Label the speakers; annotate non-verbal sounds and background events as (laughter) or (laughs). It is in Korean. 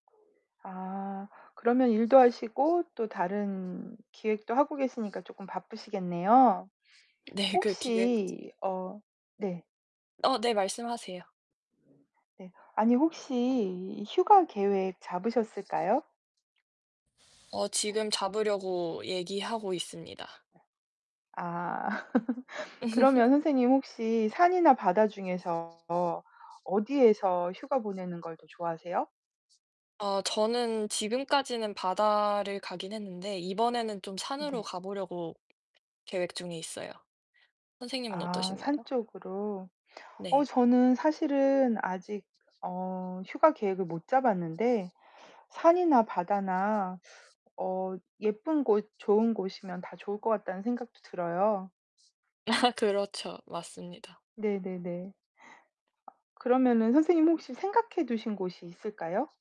Speaker 1: 아 그러면 일도 하시고 또 다른 기획도 하고 계시니까 쪼끔 바쁘시겠네요.
Speaker 2: 네 그 기획
Speaker 1: 혹시 어 네.
Speaker 2: 어 네, 말씀하세요.
Speaker 1: 네, 아니 혹시 휴가 계획 잡으셨을까요?
Speaker 2: 어 지금 잡으려고 얘기하고 있습니다.
Speaker 1: 아. (laughs) 그러면
Speaker 2: (laughs)
Speaker 1: 선생님 혹시 산이나 바다 중에서 어디에서 휴가 보내는 걸 더 좋아하세요?
Speaker 2: 어 저는 지금까지는 바다를 가기는 했는데 이번에는 좀 산으로
Speaker 1: 네.
Speaker 2: 가 보려고 계획 중에 있어요. 선생님은
Speaker 1: 아
Speaker 2: 어떠신가요?
Speaker 1: 산 쪽으로. 어
Speaker 2: 네.
Speaker 1: 저는 사실은 아직 어 휴가 계획을 못 잡았는데 산이나 바다나 어 예쁜 곳, 좋은 곳이면 다 좋을 것 같다는 생각도 들어요.
Speaker 2: 아 그렇죠. 맞습니다.
Speaker 1: 네네네. 그러면은 선생님 혹시 생각해 두신 곳이 있을까요?